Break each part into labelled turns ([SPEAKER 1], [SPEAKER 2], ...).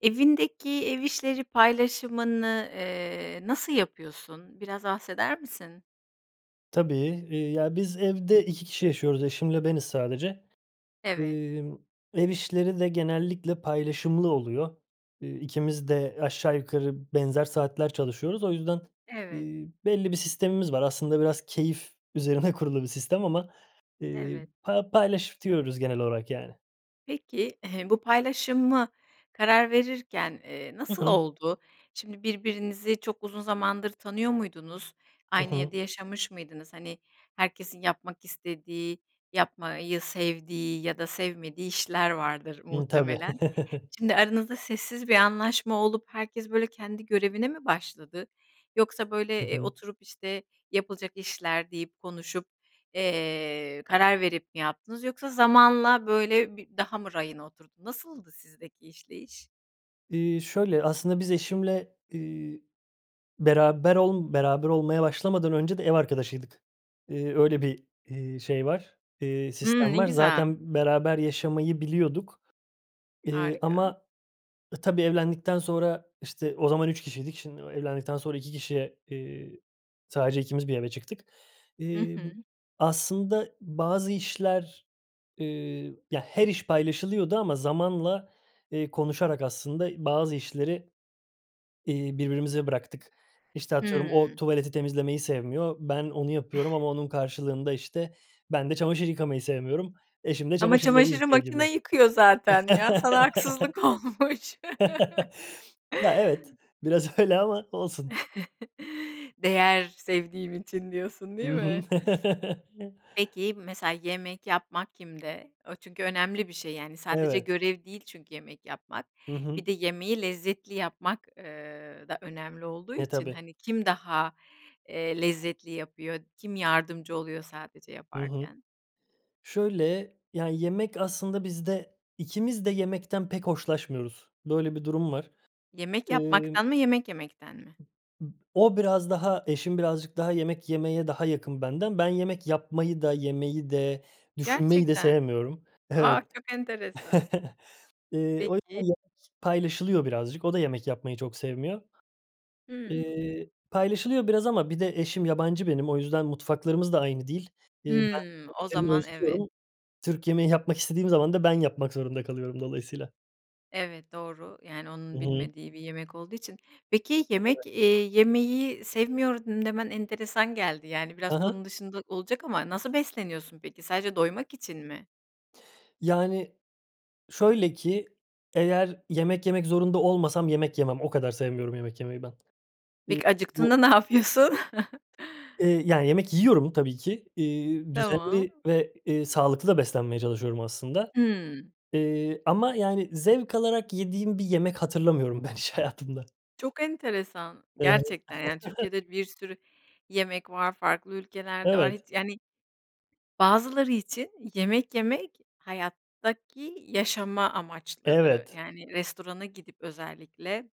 [SPEAKER 1] Evindeki ev işleri paylaşımını, eee, nasıl yapıyorsun? Biraz bahseder misin?
[SPEAKER 2] Tabii, eee, ya, biz evde 2 kişi yaşıyoruz; eşimle beniz sadece.
[SPEAKER 1] Evet.
[SPEAKER 2] Emm, ev işleri de genellikle paylaşımlı oluyor. Eee, ikimiz de aşağı yukarı benzer saatler çalışıyoruz. O yüzden,
[SPEAKER 1] Evet.
[SPEAKER 2] eee, belli bir sistemimiz var. Aslında biraz keyif üzerine kurulu bir sistem ama, eee,
[SPEAKER 1] Evet.
[SPEAKER 2] pa paylaşıyoruz genel olarak yani.
[SPEAKER 1] Peki, bu paylaşımı karar verirken, eee,
[SPEAKER 2] Hı
[SPEAKER 1] nasıl
[SPEAKER 2] hı.
[SPEAKER 1] oldu? Şimdi birbirinizi çok uzun zamandır tanıyor muydunuz?
[SPEAKER 2] I
[SPEAKER 1] Aynı evde
[SPEAKER 2] hı.
[SPEAKER 1] yaşamış mıydınız? Hani, herkesin yapmak istediği, yapmayı sevdiği ya da sevmediği işler vardır
[SPEAKER 2] İii, tabii.
[SPEAKER 1] muhtemelen. Şimdi aranızda sessiz bir anlaşma olup herkes, böyle, kendi görevine mi başladı, yoksa,
[SPEAKER 2] Hı
[SPEAKER 1] böyle, eee,
[SPEAKER 2] hı.
[SPEAKER 1] oturup, işte, yapılacak işler deyip, konuşup, eee, karar verip mi yaptınız, yoksa zamanla böyle bi daha mı rayına oturdu? Nasıldı sizdeki işleyiş?
[SPEAKER 2] Eee, şöyle, aslında biz eşimle, eee, beraber ol beraber olmaya başlamadan önce de ev arkadaşıydık. Eee, öyle bir, eee, şey var, eee,
[SPEAKER 1] Hımm.
[SPEAKER 2] sistem
[SPEAKER 1] Ne
[SPEAKER 2] var.
[SPEAKER 1] güzel.
[SPEAKER 2] Zaten beraber yaşamayı biliyorduk, eee,
[SPEAKER 1] Harika.
[SPEAKER 2] ama, ı tabii evlendikten sonra işte o zaman 3 kişiydik. Şimdi, o evlendikten sonra 2 kişiye, eee, sadece ikimiz bir eve çıktık.
[SPEAKER 1] Hı
[SPEAKER 2] Emm,
[SPEAKER 1] hı.
[SPEAKER 2] aslında bazı işler, eee, ya, her iş paylaşılıyordu ama zamanla, eee, konuşarak aslında i bazı işleri, eee, birbirimize bıraktık. İşte, atıyorum, o
[SPEAKER 1] Hımm.
[SPEAKER 2] tuvaleti temizlemeyi sevmiyor, ben onu yapıyorum ama onun karşılığında, işte, ben de çamaşır yıkamayı sevmiyorum, eşim de
[SPEAKER 1] Ama
[SPEAKER 2] çamaşırları
[SPEAKER 1] çamaşırı
[SPEAKER 2] yıkıyor gibi.
[SPEAKER 1] makina yıkıyor zaten ya! sana haksızlık olmuş.
[SPEAKER 2] Ya, evet, biraz öyle ama olsun.
[SPEAKER 1] Değer sevdiğim için diyorsun,
[SPEAKER 2] I
[SPEAKER 1] değil
[SPEAKER 2] hı.
[SPEAKER 1] mi? Peki, mesela yemek yapmak kimde? O çünkü önemli bir şey, yani, sadece
[SPEAKER 2] Evet.
[SPEAKER 1] görev değil çünkü yemek yapmak.
[SPEAKER 2] Hı hı.
[SPEAKER 1] Bir de yemeği lezzetli yapmak, eee, da önemli olduğu
[SPEAKER 2] E,
[SPEAKER 1] için,
[SPEAKER 2] tabii.
[SPEAKER 1] hani, kim daha, eee, lezzetli yapıyor, kim yardımcı oluyor sadece
[SPEAKER 2] Hı hı.
[SPEAKER 1] yaparken?
[SPEAKER 2] Şöyle, ya, yemek aslında bizde ikimiz de yemekten pek hoşlaşmıyoruz. Böyle bir durum var.
[SPEAKER 1] Yemek
[SPEAKER 2] Imm.
[SPEAKER 1] yapmaktan mı, yemek yemekten mi?
[SPEAKER 2] O biraz daha eşim birazcık daha yemek yemeye daha yakın benden. Ben yemek yapmayı da, yemeyi de, düşünmeyi de
[SPEAKER 1] Gerçekten?
[SPEAKER 2] sevmiyorum.
[SPEAKER 1] A,
[SPEAKER 2] Evet.
[SPEAKER 1] çok enteresan.
[SPEAKER 2] Eee, o
[SPEAKER 1] Peki.
[SPEAKER 2] [unintelligible] paylaşılıyor birazcık, o da yemek yapmayı çok sevmiyor.
[SPEAKER 1] Hımm.
[SPEAKER 2] Eee, paylaşılıyor biraz ama bir de eşim yabancı benim, o yüzden mutfaklarımız da aynı değil. Eee, ben tü
[SPEAKER 1] Hımm. O
[SPEAKER 2] [unintelligible] lerini
[SPEAKER 1] zaman evet.
[SPEAKER 2] özlüyorum, Türk yemeği yapmak istediğim zaman da ben yapmak zorunda kalıyorum dolayısıyla.
[SPEAKER 1] Evet, doğru, yani,
[SPEAKER 2] Hı
[SPEAKER 1] onun
[SPEAKER 2] hı.
[SPEAKER 1] bilmediği bir yemek olduğu için. Peki,
[SPEAKER 2] Evet.
[SPEAKER 1] yemek, eee, yemeyi sevmiyorum demen enteresan geldi. Yani,
[SPEAKER 2] Hı
[SPEAKER 1] biraz konu
[SPEAKER 2] hı.
[SPEAKER 1] dışında olacak ama nasıl besleniyorsun peki? Sadece doymak için mi?
[SPEAKER 2] Yani, şöyle ki eğer yemek yemek zorunda olmasam yemek yemem. O kadar sevmiyorum yemek yemeyi ben. İii,
[SPEAKER 1] Peki,
[SPEAKER 2] bu
[SPEAKER 1] acıktığında ne yapıyorsun?
[SPEAKER 2] Iıı, yani, yemek yiyorum tabii ki. İii,
[SPEAKER 1] Tamam.
[SPEAKER 2] düzenli ve, eee, sağlıklı da beslenmeye çalışıyorum aslında.
[SPEAKER 1] Hıı.
[SPEAKER 2] Eee, ama, yani, zevk alarak yediğim bir yemek hatırlamıyorum ben hiç hayatımda.
[SPEAKER 1] Çok enteresan.
[SPEAKER 2] I
[SPEAKER 1] Gerçekten, yani, Türkiye'de bir sürü yemek var, farklı ülkelerde var. Hiç,
[SPEAKER 2] Evet.
[SPEAKER 1] yani. Bazıları için yemek yemek, hayattaki yaşama amaçları.
[SPEAKER 2] Evet.
[SPEAKER 1] Yani, restorana gidip özellikle,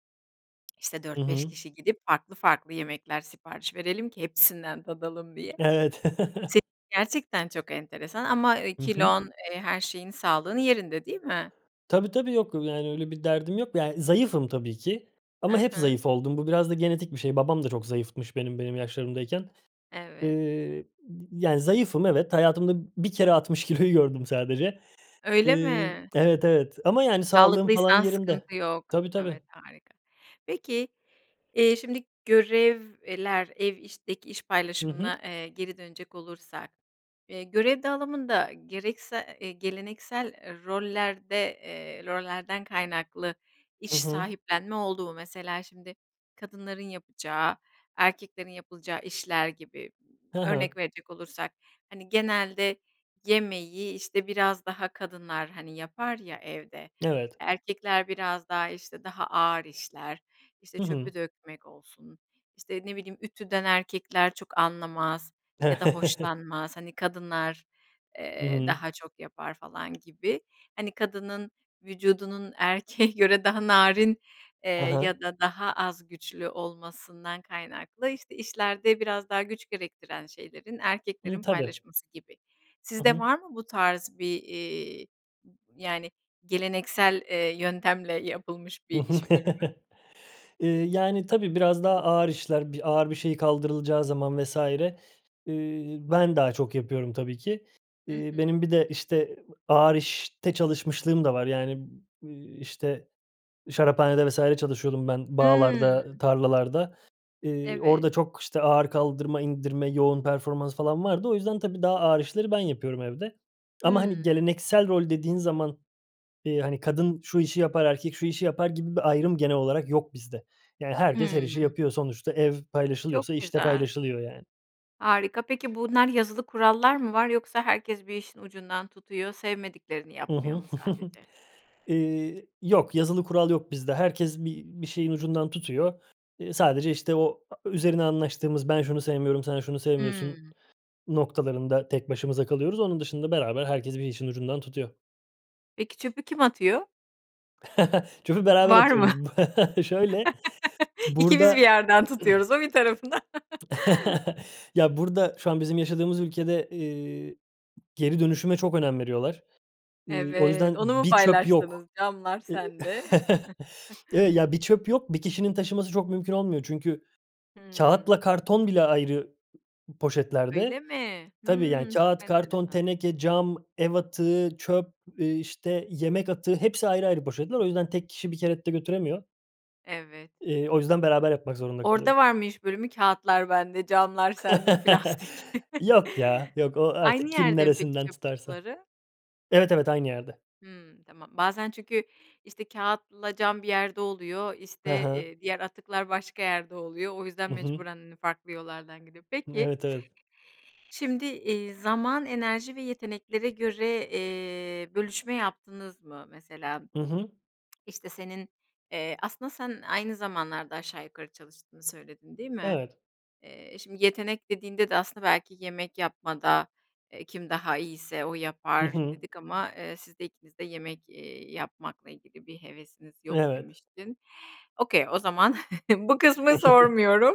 [SPEAKER 1] işte,
[SPEAKER 2] Hı
[SPEAKER 1] 4-5
[SPEAKER 2] hı.
[SPEAKER 1] kişi gidip farklı farklı yemekler sipariş verelim ki hepsinden tadalım diye.
[SPEAKER 2] Evet.
[SPEAKER 1] Se gerçekten çok enteresan ama, eee,
[SPEAKER 2] Hı hı.
[SPEAKER 1] kilon, eee, her şeyin, sağlığı yerinde değil mi?
[SPEAKER 2] Tabii, tabii, yok. Yani, öyle bir derdim yok. Yani, zayıfım tabii ki
[SPEAKER 1] I
[SPEAKER 2] ama hep
[SPEAKER 1] hı.
[SPEAKER 2] zayıf oldum. Bu biraz da genetik bir şey. Babam da çok zayıfmış benim, benim yaşlarımdayken.
[SPEAKER 1] Evet.
[SPEAKER 2] Eee, yani, zayıfım. Evet. Hayatımda bir kere 60 kiloyu gördüm sadece.
[SPEAKER 1] Öyle
[SPEAKER 2] Iıı,
[SPEAKER 1] mi?
[SPEAKER 2] evet evet. Ama, yani, sağlığım falan
[SPEAKER 1] Sağlıklıysan
[SPEAKER 2] yerinde.
[SPEAKER 1] sıkıntı yok.
[SPEAKER 2] Tabii tabii.
[SPEAKER 1] Evet, harika. Peki, eee, şimdi görevler, ev işteki iş
[SPEAKER 2] Hı hı.
[SPEAKER 1] paylaşımına, eee, geri dönecek olursak. Eee, görev dağılımında gereksa eee, geleneksel rollerde, eee, rollerden kaynaklı iş
[SPEAKER 2] Hı hı.
[SPEAKER 1] sahiplenme olduğu mesela şimdi kadınların yapacağı, erkeklerin yapılacağı işler gibi.
[SPEAKER 2] Hı hı.
[SPEAKER 1] Örnek verecek olursak, hani, genelde yemeği, iii, işte, biraz daha kadınlar, hani, yapar ya evde.
[SPEAKER 2] Evet.
[SPEAKER 1] Erkekler biraz daha, işte, daha ağır işler; işte,
[SPEAKER 2] Hı hı.
[SPEAKER 1] çöpü dökmek olsun, işte, ne bileyim, ütüden erkekler çok anlamaz
[SPEAKER 2] E
[SPEAKER 1] ya da hoşlanmaz. Hani, kadınlar,
[SPEAKER 2] Hı
[SPEAKER 1] eee,
[SPEAKER 2] hı.
[SPEAKER 1] daha çok yapar falan gibi. Hani, kadının vücudunun erkeğe göre daha narin, eee,
[SPEAKER 2] Hı hı.
[SPEAKER 1] ya da daha az güçlü olmasından kaynaklı, işte, işlerde biraz daha güç gerektiren şeylerin
[SPEAKER 2] Imm,
[SPEAKER 1] erkeklerin
[SPEAKER 2] tabii.
[SPEAKER 1] paylaşması gibi.
[SPEAKER 2] Hı
[SPEAKER 1] Sizde
[SPEAKER 2] hı.
[SPEAKER 1] var mı bu tarz bir, eee, yani, geleneksel, eee, yöntemle yapılmış
[SPEAKER 2] Hı hı.
[SPEAKER 1] bir iş bölümü?
[SPEAKER 2] Eee, yani, tabii biraz daha ağır işler, bir ağır bir şeyi kaldırılacağı zaman vs. eee, ben, daha çok yapıyorum tabii ki.
[SPEAKER 1] Hı
[SPEAKER 2] Eee,
[SPEAKER 1] hı.
[SPEAKER 2] benim bir de, işte, ııı, ağır işte çalışmışlığım da var, yani, ııı, işte, şaraphanede vs. çalışıyordum ben
[SPEAKER 1] Hıı.
[SPEAKER 2] bağlarda, tarlalarda. Eee,
[SPEAKER 1] Evet.
[SPEAKER 2] orada çok, işte, ağır kaldırma, indirme, yoğun performans falan vardı. O yüzden, tabii daha ağır işleri ben yapıyorum evde. Ama, hani,
[SPEAKER 1] Hıı.
[SPEAKER 2] geleneksel rol dediğin zaman, eee, hani, kadın şu işi yapar, erkek şu işi yapar gibi bir ayrım genel olarak yok bizde. Yani, herkes her işi
[SPEAKER 1] Hıı.
[SPEAKER 2] yapıyor, sonuçta ev
[SPEAKER 1] Çok
[SPEAKER 2] paylaşılıyorsa iş de
[SPEAKER 1] güzel.
[SPEAKER 2] paylaşılıyor yani.
[SPEAKER 1] Harika. Peki, bunlar yazılı kurallar mı var, yoksa herkes bir işin ucundan tutuyor, sevmediklerini
[SPEAKER 2] Hı
[SPEAKER 1] yapmıyor
[SPEAKER 2] hı.
[SPEAKER 1] mu sadece?
[SPEAKER 2] Eee, yok, yazılı kural yok bizde. Herkes bir bir şeyin ucundan tutuyor. Eee, sadece, işte, o, aaa, üzerine anlaştığımız, ben şunu sevmiyorum, sen şunu sevmiyorsun
[SPEAKER 1] Hıı.
[SPEAKER 2] noktalarında tek başımıza kalıyoruz. Onun dışında beraber herkes bir işin ucundan tutuyor.
[SPEAKER 1] Peki çöpü kim atıyor?
[SPEAKER 2] Çöpü beraber
[SPEAKER 1] Var mı?
[SPEAKER 2] atıyoruz. Şöyle,
[SPEAKER 1] İkimiz bir
[SPEAKER 2] burda
[SPEAKER 1] yerden tutuyoruz, o bir tarafından...
[SPEAKER 2] Ya, burda şu an bizim yaşadığımız ülkede, eee, geri dönüşüme çok önem veriyorlar. Iıı, o yüzden
[SPEAKER 1] Evet, onu mu
[SPEAKER 2] bir çöp
[SPEAKER 1] paylaştınız?
[SPEAKER 2] yok.
[SPEAKER 1] Camlar
[SPEAKER 2] Eee,
[SPEAKER 1] sende.
[SPEAKER 2] ya, bir çöp yok. Bir kişinin taşıması çok mümkün olmuyor. Çünkü
[SPEAKER 1] Hımm.
[SPEAKER 2] kâğıtla karton bile ayrı
[SPEAKER 1] Öyle
[SPEAKER 2] poşetlerde,
[SPEAKER 1] mi?
[SPEAKER 2] tabii, yani,
[SPEAKER 1] Hımm. Çok
[SPEAKER 2] kâğıt, karton,
[SPEAKER 1] enteresan.
[SPEAKER 2] teneke, cam, ev atığı, çöp, eee, işte, yemek atığı, hepsi ayrı ayrı poşetler. O yüzden tek kişi bir kere de götüremiyor.
[SPEAKER 1] Evet.
[SPEAKER 2] Eee, o yüzden beraber yapmak zorunda
[SPEAKER 1] Orada
[SPEAKER 2] kalıyoruz.
[SPEAKER 1] var mı iş bölümü? Kâğıtlar bende, camlar sende, plastik.
[SPEAKER 2] Yok ya, yok. O
[SPEAKER 1] Aynı
[SPEAKER 2] artık kim
[SPEAKER 1] yerde mi peki
[SPEAKER 2] neresinden
[SPEAKER 1] çöp
[SPEAKER 2] tutarsa.
[SPEAKER 1] kutuları?
[SPEAKER 2] Evet, evet. Aynı yerde.
[SPEAKER 1] Hımm. Tamam. Bazen çünkü, işte, kâğıtla cam bir yerde oluyor,
[SPEAKER 2] Hı
[SPEAKER 1] işte,
[SPEAKER 2] hı.
[SPEAKER 1] eee, diğer atıklar başka yerde oluyor. O yüzden
[SPEAKER 2] Hı hı.
[SPEAKER 1] mecburen, hani, farklı yollardan gidiyor. Peki,
[SPEAKER 2] Evet, evet.
[SPEAKER 1] şimdi, eee, zaman, enerji ve yeteneklere göre, eee, bölüşme yaptınız mı? Mesela,
[SPEAKER 2] Hı hı.
[SPEAKER 1] işte, senin, eee, aslında sen aynı zamanlarda aşağı yukarı çalıştığını söyledin, değil mi?
[SPEAKER 2] Evet.
[SPEAKER 1] Eee, şimdi yetenek dediğinde de aslında belki yemek yapmada, eee, kim daha iyiyse o
[SPEAKER 2] Hı
[SPEAKER 1] yapar
[SPEAKER 2] hı.
[SPEAKER 1] dedik ama, eee, siz de ikiniz de yemek, eee, yapmakla ilgili bir hevesiniz yok
[SPEAKER 2] Evet.
[SPEAKER 1] demiştin. Okay, o zaman bu kısmı sormuyorum.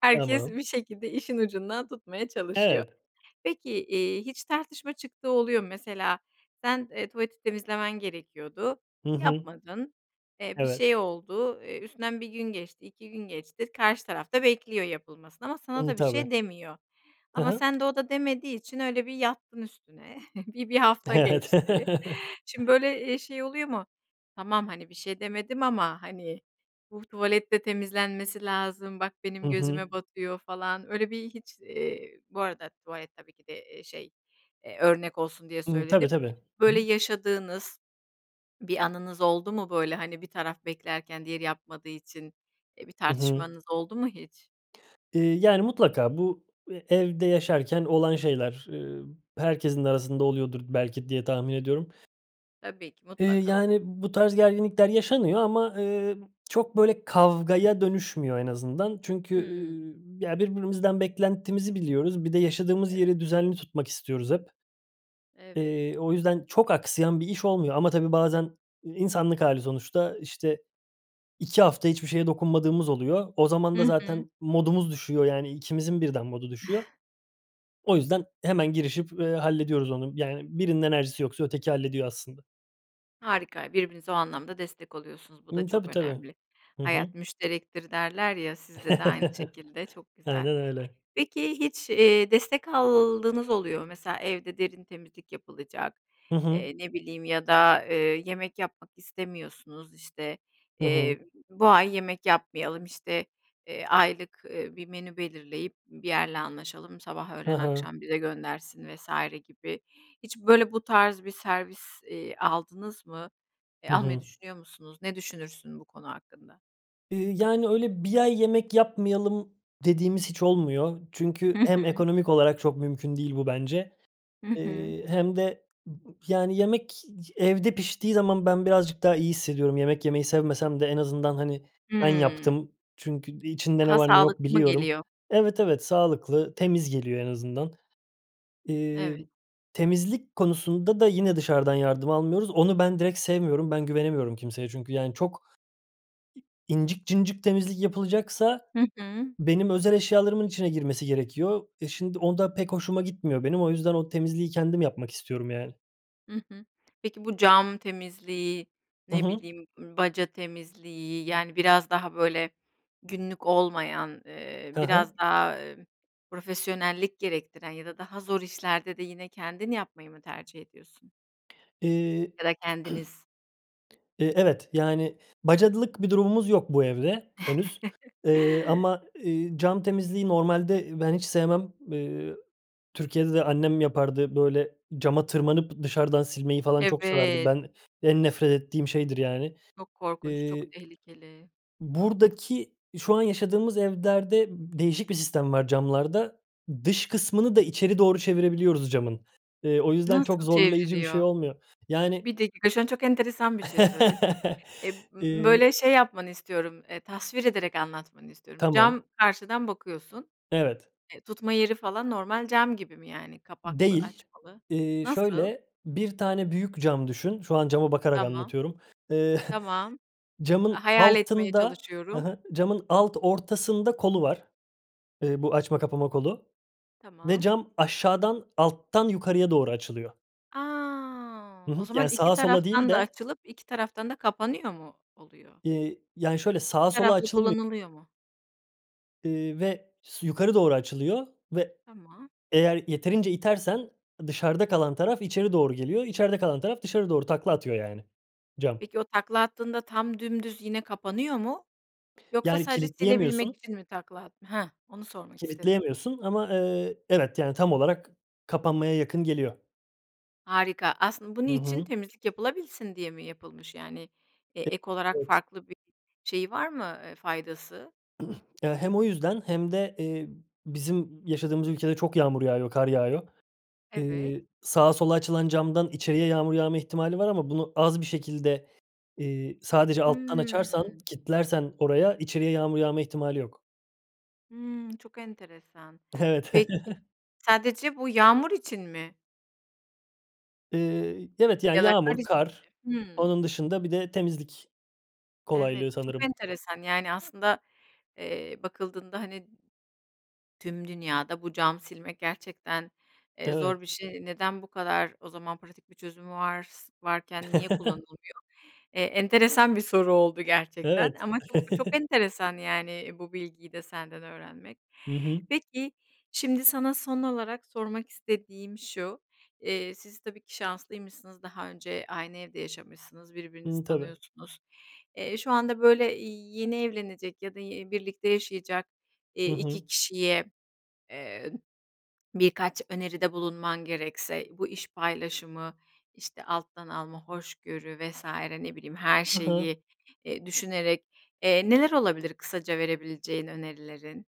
[SPEAKER 1] Herkes
[SPEAKER 2] Tamam.
[SPEAKER 1] bir şekilde işin ucundan tutmaya çalışıyor.
[SPEAKER 2] Evet.
[SPEAKER 1] Peki, eee, hiç tartışma çıktığı oluyor mu? Mesela sen, eee, tuvaleti temizlemen gerekiyordu,
[SPEAKER 2] Hı hı.
[SPEAKER 1] yapmadın, eee, bir
[SPEAKER 2] Evet.
[SPEAKER 1] şey oldu, eee, üstünden 1 gün geçti, 2 gün geçti, karşı taraf da bekliyor yapılmasını ama sana
[SPEAKER 2] Imm,
[SPEAKER 1] da bir
[SPEAKER 2] tabii.
[SPEAKER 1] şey demiyor
[SPEAKER 2] Hı
[SPEAKER 1] ama
[SPEAKER 2] hı.
[SPEAKER 1] sen de o da demediği için öyle bir yattın üstüne, bir 1 hafta
[SPEAKER 2] Evet.
[SPEAKER 1] geçti. Şimdi, böyle, eee, şey oluyor mu? Tamam, hani, bir şey demedim ama, hani, bu tuvalet de temizlenmesi lazım, bak
[SPEAKER 2] Hı
[SPEAKER 1] benim gözüme
[SPEAKER 2] hı.
[SPEAKER 1] batıyor falan, öyle bir hiç, iii, bu arada tuvalet tabii ki de, eee, şey, eee, örnek olsun diye
[SPEAKER 2] Hımm, tabii
[SPEAKER 1] söyledim.
[SPEAKER 2] tabii. Hı
[SPEAKER 1] Böyle,
[SPEAKER 2] hı.
[SPEAKER 1] yaşadığınız bir anınız oldu mu? Böyle, hani, bir taraf beklerken diğeri yapmadığı için, iii, bir
[SPEAKER 2] Hı hı.
[SPEAKER 1] tartışmanız oldu mu hiç?
[SPEAKER 2] Eee, yani, mutlaka bu e evde yaşarken olan şeyler, eee, herkesin de arasında oluyordur belki diye tahmin ediyorum.
[SPEAKER 1] Tabii ki.
[SPEAKER 2] Eee,
[SPEAKER 1] Mutlaka.
[SPEAKER 2] yani, bu tarz gerginlikler yaşanıyor ama, eee, çok, böyle, kavgaya dönüşmüyor en azından. Çünkü,
[SPEAKER 1] Hımm.
[SPEAKER 2] ııı, ya, birbirimizden beklentimizi biliyoruz. Bir de yaşadığımız
[SPEAKER 1] Evet.
[SPEAKER 2] yeri düzenli tutmak istiyoruz hep.
[SPEAKER 1] Evet.
[SPEAKER 2] Eee, o yüzden çok aksayan bir iş olmuyor ama tabii bazen insanlık hâli sonuçta. İşte, 2 hafta hiçbir şeye dokunmadığımız oluyor. O zaman da
[SPEAKER 1] Hı hı.
[SPEAKER 2] zaten modumuz düşüyor, yani, ikimizin birden modu düşüyor. O yüzden hemen girişip, eee, hallediyoruz onu, yani, birinin enerjisi yoksa öteki hallediyor aslında.
[SPEAKER 1] Harika. Birbirinize o anlamda destek oluyorsunuz. Bu da
[SPEAKER 2] Hıı.
[SPEAKER 1] çok
[SPEAKER 2] Tabii, tabii.
[SPEAKER 1] önemli.
[SPEAKER 2] Hı
[SPEAKER 1] "Hayat
[SPEAKER 2] hı.
[SPEAKER 1] müşterektir." derler ya, sizde de aynı şekilde. Çok güzel.
[SPEAKER 2] Aynen öyle.
[SPEAKER 1] Peki hiç, eee, destek aldığınız oluyor mu? Mesela evde derin temizlik yapılacak,
[SPEAKER 2] Hı hı.
[SPEAKER 1] eee, ne bileyim ya da, eee, yemek yapmak istemiyorsunuz, işte,
[SPEAKER 2] Hı hı.
[SPEAKER 1] eee, bu ay yemek yapmayalım, işte, eee, aylık, eee, bir menü belirleyip bir yerle anlaşalım; sabah,
[SPEAKER 2] Hı
[SPEAKER 1] öğlen,
[SPEAKER 2] hı.
[SPEAKER 1] akşam bize göndersin vs. gibi. Hiç, böyle, bu tarz bir servis, eee, aldınız mı? Eee,
[SPEAKER 2] Hı
[SPEAKER 1] almayı
[SPEAKER 2] hı.
[SPEAKER 1] düşünüyor musunuz? Ne düşünürsün bu konu hakkında?
[SPEAKER 2] Iıı, yani, öyle 1 ay yemek yapmayalım dediğimiz hiç olmuyor. Çünkü
[SPEAKER 1] Hı
[SPEAKER 2] hem
[SPEAKER 1] hı.
[SPEAKER 2] ekonomik olarak çok mümkün değil bu bence,
[SPEAKER 1] Hı hı.
[SPEAKER 2] ııı, hem de m m yani, yemek evde piştiği zaman ben birazcık daha iyi hissediyorum. Yemek yemeyi sevmesem de en azından, hani, ben
[SPEAKER 1] Hımm.
[SPEAKER 2] yaptım. Çünkü i içinde ne
[SPEAKER 1] Daha
[SPEAKER 2] var, ne yok,
[SPEAKER 1] sağlıklı mı
[SPEAKER 2] biliyorum.
[SPEAKER 1] geliyor?
[SPEAKER 2] Evet, evet, sağlıklı, temiz geliyor en azından. Eee,
[SPEAKER 1] Evet.
[SPEAKER 2] temizlik konusunda da yine dışarıdan yardım almıyoruz. Onu ben direkt sevmiyorum, ben güvenemiyorum kimseye çünkü, yani, çok incik cıncık temizlik yapılacaksa
[SPEAKER 1] Hı hı.
[SPEAKER 2] benim özel eşyalarımın içine girmesi gerekiyor. E, şimdi o da pek hoşuma gitmiyor benim. O yüzden o temizliği kendim yapmak istiyorum, yani.
[SPEAKER 1] Hı hı. Peki bu cam temizliği,
[SPEAKER 2] Hı
[SPEAKER 1] ne
[SPEAKER 2] hı.
[SPEAKER 1] bileyim, ımm, baca temizliği, yani, biraz daha böyle günlük olmayan, ııı,
[SPEAKER 2] Hı hı.
[SPEAKER 1] biraz daha, ımm, profesyonellik gerektiren ya da daha zor işlerde de yine kendin yapmayı mı tercih ediyorsun?
[SPEAKER 2] Iıı.
[SPEAKER 1] Ya da kendiniz?
[SPEAKER 2] Iıı, evet, yani, bacalık bir durumumuz yok bu evde henüz, eee, ama, ııı, cam temizliği normalde, ııı, ben hiç sevmem. Iıı, Türkiye'de de annem yapardı, böyle cama tırmanıp dışarıdan silmeyi falan çok severdi.
[SPEAKER 1] Evet.
[SPEAKER 2] Ben, en nefret ettiğim şeydir, yani.
[SPEAKER 1] Çok korkunç,
[SPEAKER 2] Iıı,
[SPEAKER 1] çok tehlikeli.
[SPEAKER 2] buradaki şu an yaşadığımız evlerde, m değişik bir sistem var camlarda. Dış kısmını da içeri doğru çevirebiliyoruz camın. Iıı o yüzden çok
[SPEAKER 1] Nasıl
[SPEAKER 2] zorlayıcı bir şey
[SPEAKER 1] çevriliyor?
[SPEAKER 2] olmuyor. Yani
[SPEAKER 1] 1 dakika şu an çok enteresan bir şey söyledin. Ib b
[SPEAKER 2] Iıı.
[SPEAKER 1] böyle, şey, yapmanı istiyorum, ııı, tasvir ederek anlatmanı istiyorum. Cam
[SPEAKER 2] Tamam.
[SPEAKER 1] karşıdan bakıyorsun,
[SPEAKER 2] Evet.
[SPEAKER 1] eee, tutma yeri falan normal cam gibi mi, yani, kapaklı
[SPEAKER 2] Değil.
[SPEAKER 1] açmalı?
[SPEAKER 2] Iıı,
[SPEAKER 1] Nasıl?
[SPEAKER 2] şöyle, 1 tane büyük cam düşün, şu an cama bakarak
[SPEAKER 1] Tamam,
[SPEAKER 2] anlatıyorum. Iıı
[SPEAKER 1] tamam. A
[SPEAKER 2] camın
[SPEAKER 1] hayal etmeye
[SPEAKER 2] altında, hı
[SPEAKER 1] çalışıyorum.
[SPEAKER 2] hı, camın alt ortasında kolu var. Iıı, bu açma kapama kolu ve
[SPEAKER 1] Tamam.
[SPEAKER 2] cam aşağıdan alttan yukarıya doğru açılıyor.
[SPEAKER 1] A.
[SPEAKER 2] Hı
[SPEAKER 1] O
[SPEAKER 2] hı,
[SPEAKER 1] zaman
[SPEAKER 2] yani,
[SPEAKER 1] 2
[SPEAKER 2] sağa, sola değil
[SPEAKER 1] taraftan da
[SPEAKER 2] de.
[SPEAKER 1] açılıp 2 taraftan da kapanıyor mu oluyor?
[SPEAKER 2] Eee, yani, şöyle
[SPEAKER 1] 1
[SPEAKER 2] sağa, sola
[SPEAKER 1] taraflı
[SPEAKER 2] açılmıyor.
[SPEAKER 1] kullanılıyor mu?
[SPEAKER 2] Iıı, ve s yukarı doğru açılıyor ve
[SPEAKER 1] Tamam.
[SPEAKER 2] eğer yeterince itersen dışarıda kalan taraf içeri doğru geliyor. İçeride kalan taraf dışarı doğru takla atıyor yani cam.
[SPEAKER 1] Peki, o takla attığında tam dümdüz yine kapanıyor mu? Yoksa
[SPEAKER 2] Yani,
[SPEAKER 1] sadece silebilmek
[SPEAKER 2] kilitleyemiyorsun.
[SPEAKER 1] için mi takla attın? Heh, onu sormak istedim.
[SPEAKER 2] Kilitleyemiyorsun ama, eee, evet, yani, tam olarak kapanmaya yakın geliyor.
[SPEAKER 1] Harika. Aslın bu
[SPEAKER 2] Hı
[SPEAKER 1] niçin
[SPEAKER 2] hı.
[SPEAKER 1] temizlik yapılabilsin diye mi yapılmış, yani, eee, ek
[SPEAKER 2] E
[SPEAKER 1] olarak
[SPEAKER 2] evet.
[SPEAKER 1] farklı bir, şeyi, var mı, eee, faydası?
[SPEAKER 2] Eee, hem o yüzden hem de, eee, bizim yaşadığımız ülkede çok yağmur yağıyor, kar yağıyor.
[SPEAKER 1] Evet.
[SPEAKER 2] Iıı, sağa sola açılan camdan içeriye yağmur yağma ihtimali var ama bunu az bir şekilde, eee, sadece alttan açarsan,
[SPEAKER 1] Hımm.
[SPEAKER 2] kilitlersen oraya içeriye yağmur yağma ihtimali yok.
[SPEAKER 1] Hımm çok enteresan.
[SPEAKER 2] Evet.
[SPEAKER 1] Peki, sadece bu yağmur için mi?
[SPEAKER 2] Iıı, evet, yani,
[SPEAKER 1] Ya da kar
[SPEAKER 2] yağmur,
[SPEAKER 1] için
[SPEAKER 2] kar,
[SPEAKER 1] mi? Hımm.
[SPEAKER 2] onun dışında bir de temizlik
[SPEAKER 1] Evet,
[SPEAKER 2] kolaylığı
[SPEAKER 1] çok
[SPEAKER 2] sanırım.
[SPEAKER 1] enteresan. Yani, aslında, eee, bakıldığında, hani, tüm dünyada bu cam silmek gerçekten, eee,
[SPEAKER 2] Evet.
[SPEAKER 1] zor bir şey. Neden bu kadar o zaman pratik bir çözüm vars varken niye kullanılmıyor? Eee, enteresan bir soru oldu gerçekten
[SPEAKER 2] Evet.
[SPEAKER 1] ama çok çok enteresan, yani, eee, bu bilgiyi de senden öğrenmek.
[SPEAKER 2] Hı hı.
[SPEAKER 1] Peki, şimdi sana son olarak sormak istediğim şu. Eee, siz tabii ki şanslıymışsınız daha önce aynı evde yaşamışsınız birbirinizi
[SPEAKER 2] Imm, tabii.
[SPEAKER 1] tanıyorsunuz. Eee, şu anda böyle, iii, yeni evlenecek ya da, iii, birlikte yaşayacak, eee,
[SPEAKER 2] Hı
[SPEAKER 1] 2
[SPEAKER 2] hı.
[SPEAKER 1] kişiye, eee birkaç öneride bulunman gerekse bu, iş paylaşımı, işte, alttan alma, hoşgörü vs. ne bileyim her
[SPEAKER 2] Hı hı.
[SPEAKER 1] şeyi, eee, düşünerek, eee, neler olabilir kısaca verebileceğin önerilerin?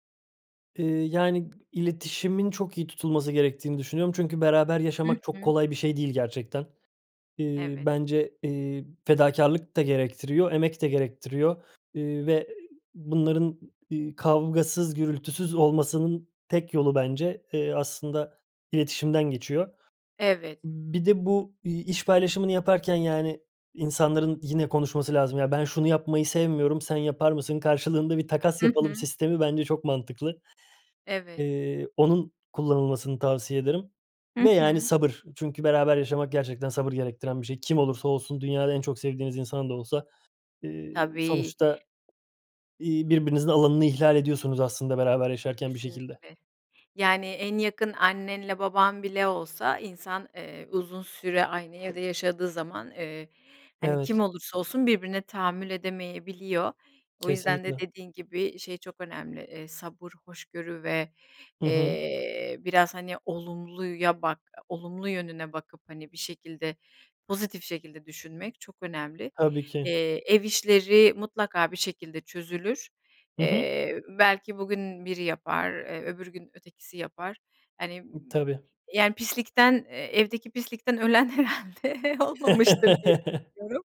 [SPEAKER 2] Eee, yani, iletişimin çok iyi tutulması gerektiğini düşünüyorum. Çünkü beraber
[SPEAKER 1] I
[SPEAKER 2] yaşamak çok
[SPEAKER 1] hı.
[SPEAKER 2] kolay bir şey değil gerçekten. Eee,
[SPEAKER 1] Evet.
[SPEAKER 2] bence, eee, fedakârlık da gerektiriyor, emek de gerektiriyor. Eee, ve bunların, ııı, kavgasız, gürültüsüz olmasının tek yolu bence, eee, aslında iletişimden geçiyor.
[SPEAKER 1] Evet.
[SPEAKER 2] Imm, bir de bu, iii, iş paylaşımını yaparken, yani, insanların, yine, konuşması lazım. "Ya, ben şunu yapmayı sevmiyorum, sen yapar mısın? Karşılığında bir takas
[SPEAKER 1] I
[SPEAKER 2] yapalım."
[SPEAKER 1] hı.
[SPEAKER 2] sistemi bence çok mantıklı.
[SPEAKER 1] Evet.
[SPEAKER 2] Eee, onun kullanılmasını tavsiye ederim ve
[SPEAKER 1] Hı
[SPEAKER 2] yani
[SPEAKER 1] hı.
[SPEAKER 2] sabır. Çünkü beraber yaşamak gerçekten sabır gerektiren bir şey. Kim olursa olsun, dünyada en çok sevdiğiniz insan da olsa, eee,
[SPEAKER 1] Tabii.
[SPEAKER 2] sonuçta iii, birbirinizin alanını ihlal ediyorsunuz aslında beraber yaşarken bir şekilde.
[SPEAKER 1] Kesinlikle, yani, en yakın annenle baban bile olsa insan, eee, uzun süre aynı evde yaşadığı zaman, eee, hani, kim
[SPEAKER 2] Evet.
[SPEAKER 1] olursa olsun birbirine tahammül edemeyebiliyor. O yüzden de
[SPEAKER 2] Kesinlikle.
[SPEAKER 1] dediğin gibi, şey çok önemli, eee, sabır, hoşgörü ve,
[SPEAKER 2] I hı.
[SPEAKER 1] eee, biraz, hani, olumluya bak olumlu yönüne bakıp, hani, bir şekilde pozitif şekilde düşünmek çok önemli.
[SPEAKER 2] Tabii ki.
[SPEAKER 1] Eee, ev işleri mutlaka bir şekilde çözülür.
[SPEAKER 2] Hı hı.
[SPEAKER 1] Eee, belki bugün biri yapar eee öbür gün ötekisi yapar. Hani,
[SPEAKER 2] Imm, tabii.
[SPEAKER 1] yani, pislikten, eee, evdeki pislikten ölen herhâlde olmamıştır diye düşünüyorum.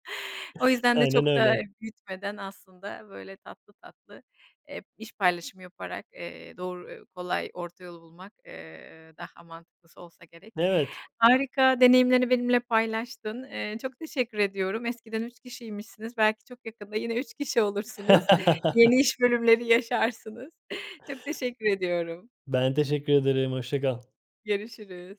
[SPEAKER 1] O yüzden de
[SPEAKER 2] Aynen
[SPEAKER 1] çok
[SPEAKER 2] öyle.
[SPEAKER 1] da büyütmeden aslında böyle tatlı tatlı, eee, iş paylaşımı yaparak, eee, doğru, kolay, orta yolu bulmak, eee, daha mantıklısı olsa gerek.
[SPEAKER 2] Evet.
[SPEAKER 1] Harika deneyimlerini benimle paylaştın. Eee, çok teşekkür ediyorum. Eskiden 3 kişiymişsiniz belki çok yakında yine 3 kişi olursunuz. yeni iş bölümleri yaşarsınız. Çok teşekkür ediyorum.
[SPEAKER 2] Ben teşekkür ederim, hoşça kal.
[SPEAKER 1] Görüşürüz.